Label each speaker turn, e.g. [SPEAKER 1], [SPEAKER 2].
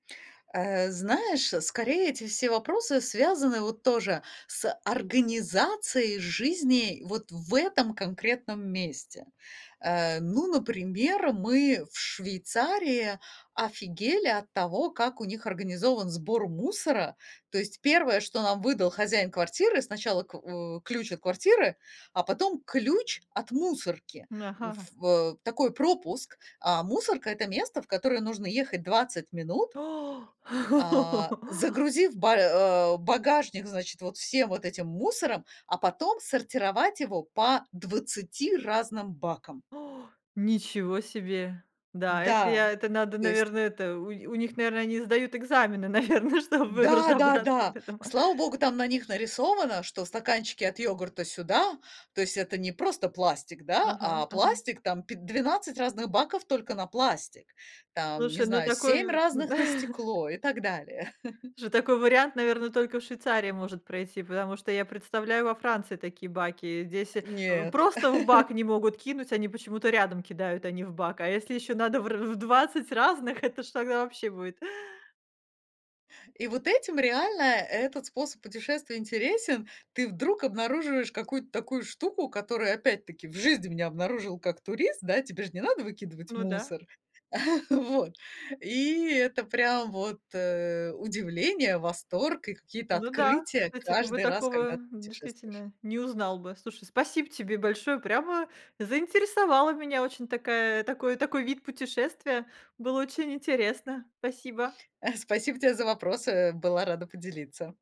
[SPEAKER 1] Э, знаешь, скорее, эти все вопросы связаны вот тоже с организацией жизни вот в этом конкретном месте. Э, ну, например, мы в Швейцарии офигели от того, как у них организован сбор мусора. То есть 1, что нам выдал хозяин квартиры- сначала к у ключ от квартиры, а потом ключ от мусорки,
[SPEAKER 2] М,
[SPEAKER 1] в
[SPEAKER 2] ага.
[SPEAKER 1] ф э, такой пропуск. А мусорка- это место, в которое нужно ехать 20 минут а, загрузив ба а, багажник, значит, вот всем вот этим мусором, а потом сортировать его по 20 разным бакам.
[SPEAKER 2] Ничего себе! Да, это
[SPEAKER 1] Да,
[SPEAKER 2] я это надо,
[SPEAKER 1] то есть
[SPEAKER 2] наверное, это у у них, наверно, они сдают экзамены, наверно, чтобы разобраться в
[SPEAKER 1] Да-да-да,
[SPEAKER 2] этом.
[SPEAKER 1] слава Богу, там на них нарисовано, что стаканчики от йогурта- сюда, то есть, это не просто пластик, да,
[SPEAKER 2] Ага,
[SPEAKER 1] а
[SPEAKER 2] ага.
[SPEAKER 1] пластик там пи 12 разных баков только на пластик, там, не
[SPEAKER 2] Слушай, ну,
[SPEAKER 1] знаю, 7
[SPEAKER 2] такой в.
[SPEAKER 1] разных- на стекло, и так далее.
[SPEAKER 2] Ж такой вариант, наверно, только в Швейцарии может пройти, потому что я представляю во Франции такие баки. Здесь в
[SPEAKER 1] Нет.
[SPEAKER 2] просто в бак не могут кинуть, они почему-то рядом кидают, а не в бак. А если еще надо в р в 20 разных, это ж тогда вообще будет!
[SPEAKER 1] И вот этим реально этот способ путешествия интересен. Ты вдруг обнаруживаешь какую-то такую штуку, которую, опять-таки, в жизни б не обнаружил, как турист, да? Тебе ж не надо выкидывать
[SPEAKER 2] Ну да.
[SPEAKER 1] мусор. Вот, и это прям вот, э, удивление, восторг, и какие-то
[SPEAKER 2] Ну да,
[SPEAKER 1] открытия
[SPEAKER 2] кстати, ты бы
[SPEAKER 1] каждый раз,
[SPEAKER 2] такого,
[SPEAKER 1] когда ты путешествуешь.
[SPEAKER 2] действительно, не узнал бы. Слушай, спасибо тебе большое, прямо заинтересовала меня. Очень такая такой такой вид путешествия, было очень интересно, спасибо.
[SPEAKER 1] Э, спасибо те за вопросы. Была рада поделиться.